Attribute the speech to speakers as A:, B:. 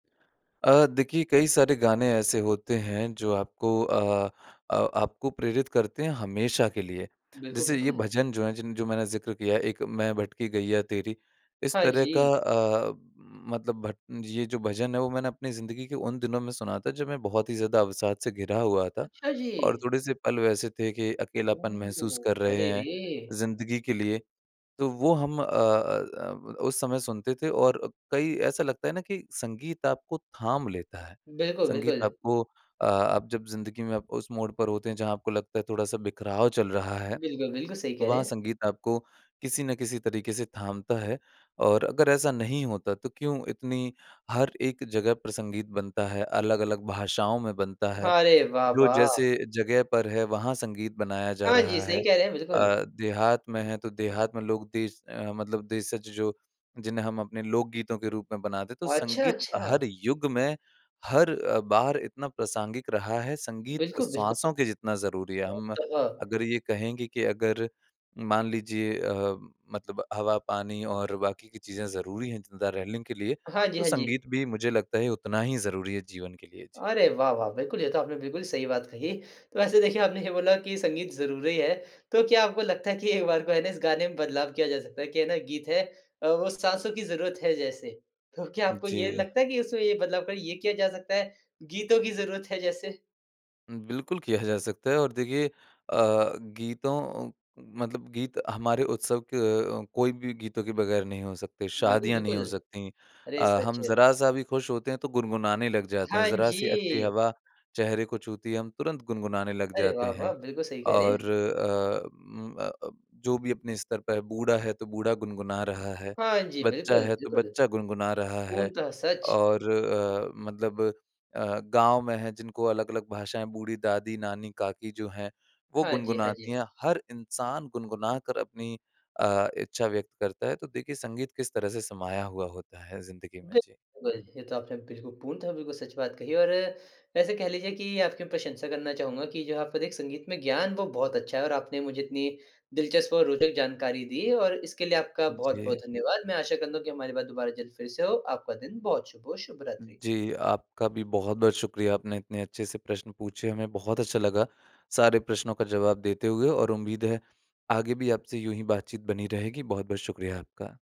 A: अ, देखिए कई सारे गाने ऐसे होते हैं जो आपको अ अ, आपको प्रेरित करते हैं हमेशा के लिए।
B: बिल्कुल,
A: जैसे ये
B: बिल्कुल।
A: भजन जो है जिन जो मैंने ज़िक्र किया है एक मैं भटकी गैया तेरी इस
B: हाँ
A: तरह का
B: जी।
A: अ, उम, मतलब भट ये जो भजन है वो मैंने अपनी ज़िंदगी के उन दिनों में सुना था जब मैं बहुत ही ज़्यादा अवसाद से घिरा हुआ था
B: अच्छा जी
A: और थोड़े-से पल वैसे थे कि अकेलापन महसूस कर
B: ओह!
A: रहे
B: अरे
A: हैं
B: रे!
A: ज़िंदगी के लिए। तो वो हम अ अ अ, उस समय सुनते थे और कई ऐसा लगता है ना कि संगीत आपको थाम लेता है,
B: बिल्कुल,
A: संगीत
B: बिल्कुल।
A: आपको अ, आप जब ज़िंदगी में उस मोड़ पर होते हैं जहाँ आपको लगता है थोड़ा-सा बिखराव चल रहा है
B: बिल्कुल, बिल्कुल सही कह रहे
A: वहाँ
B: हैं।
A: संगीत आपको किसी न किसी तरीक़े से थामता है और अगर ऐसा नहीं होता तो क्यों इतनी हर एक जगह पर संगीत बनता है अलग-अलग भाषाओं में बनता है।
B: हाँ, अरे वाह,
A: जो
B: वाह!
A: जैसे जगह पर है वहाँ संगीत बनाया जा
B: हाँ जी,
A: रहा है
B: सही कह रहे हैं बिल्कुल।
A: अ, देहात में है तो देहात में लोग देश अ, मतलब देशज जो जिन्हें हम अपने लोक गीतों के रूप में बनाते तो
B: अच्छा,
A: संगीत
B: अच्छा।
A: हर युग में हर अ, बार इतना प्रासंगिक रहा है संगीत
B: बिल्कुल, बिल्कुल।
A: श्वासों के जितना ज़रूरी है।
B: मो
A: हम
B: तागा
A: अगर ये कहेंगे कि अगर मान लीजिए अ, मतलब हवा पानी और बाकी की चीज़ें ज़रूरी हैं जिंदा रहने के लिए
B: हाँ जी,
A: तो
B: हाँ जी।
A: संगीत भी मुझे लगता है उतना ही ज़रूरी है जीवन के लिए जी।
B: अरे वाह वाह! बिल्कुल ये तो आपने बिल्कुल सही बात कही। तो वैसे देखिए आपने ये बोला कि संगीत ज़रूरी है, तो क्या आपको लगता है कि एक बार को है ना इस गाने में बदलाव किया जा सकता है कि है ना गीत है अ, वो साँसों की ज़रूरत है जैसे। तो क्या आपको ये
A: जी।
B: लगता है कि उसमें ये बदलाव कर ये किया जा सकता है, गीतों की ज़रूरत है जैसे?
A: बिल्कुल किया जा सकता है और देखिए अ, गीतों अ, मतलब गीत हमारे उत्सव के कोई भी गीतों के बगैर नहीं हो सकते
B: बिल्कुल,
A: शादियाँ नहीं
B: बिल्कुल।
A: हो सकती।
B: अरे!
A: अ, हम
B: सच।
A: ज़रा-सा भी खुश होते हैं तो गुनगुनाने लग जाते हैं
B: हाँ
A: ज़रा-सी अच्छी
B: जी।
A: हवा चेहरे को छूती है हम तुरंत गुनगुनाने लग
B: अरे
A: जाते
B: वाह, वाह!
A: हैं
B: बिल्कुल सही कह रहे
A: और
B: हैं।
A: अ, उम, अ अ, जो भी अपने स्तर पे है बूढ़ा है तो बूढ़ा गुनगुना रहा है
B: हाँ जी।
A: बच्चा
B: बिल्कुल,
A: है तो
B: बिल्कुल।
A: बच्चा गुनगुना रहा है
B: पूर्णतः सच।
A: और अ, मतलब अ, गाँव में हैं जिनको अलग-अलग भाषाएँ बूढ़ी दादी नानी काकी जो हैं वो
B: हाँ जी, हाँ
A: गुनगुनाती
B: जी।
A: हैं हर इंसान गुनगुना कर अपनी अ, इच्छा व्यक्त करता है तो देखिए संगीत किस तरह से समाया हुआ होता है ज़िंदगी में जी।
B: बिल्कुल। ये तो आपने बिल्कुल पूर्णतः बिल्कुल सच बात कही और वैसे कह लीजिए कि आपकी प्रशंसा करना चाहूँगा कि जो है आपका दे संगीत में ज्ञान वो बहुत अच्छा है और आपने मुझे इतनी दिलचस्प और रोचक जानकारी दी और इसके लिए आपका
A: उ,
B: बहुत-बहुत
A: जी।
B: धन्यवाद। मैं आशा करता हूँ कि हमारी बात दुबारा जल्द फ़िर से हो। आपका दिन बहुत शुभ हो शुभ रात्रि।
A: जी, आपका भी बहुत-बहुत शुक्रिया आपने इतने अच्छे से प्रश्न पूछे। हमें बहुत अच्छा लगा सारे प्रश्नों का जवाब देते हुए और उम्मीद है आगे भी आपसे यूँ ही बातचीत बनी रहेगी बहुत-बहुत शुक्रिया आपका।